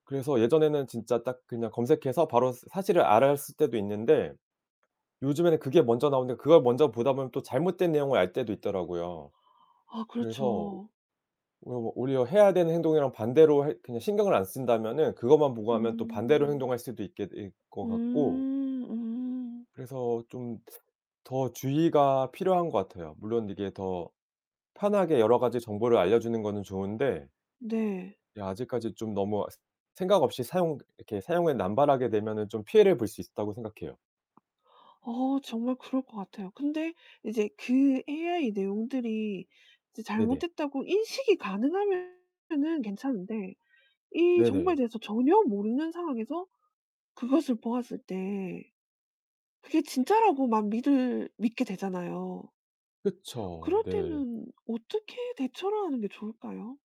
그래서 예전에는 진짜 딱 그냥 검색해서 바로 사 사실을 알았을 때도 있는데 요즘에는 그게 먼저 나오는데 그걸 먼저 보다 보면 또 잘못된 내용을 알 때도 있더라고요. 아 그래서 오 그렇죠. 오 뭐 오히려 해야 되는 행동이랑 반대로 할 그냥 신경을 안 쓴다면은 그것만 보고 하면 또 반대로 음. 행동할 수도 있게 될 것 같고 음 음. 그래서 좀 더 주의가 필요한 것 같아요. 물론 이게 더 편하게 여러 가지 정보를 알려주는 거는 좋은데 네. 이 아직까지 좀 너무 스 생각없이 사용 이렇게 사용을 남발하게 되면은 좀 피해를 볼 수 있다고 생각해요. 어 정말 그럴 것 같아요. 근데 이제 그 AI 내용들이 이제 네네. 잘못됐다고 인식이 가능하면은 괜찮은데 이 정보에 네네. 대해서 전혀 모르는 상황에서 그것을 보았을 때 그게 진짜라고 막 믿을 믿게 되잖아요. 그쵸. 그럴 네. 때는 어떻게 대처를 하는 게 좋을까요?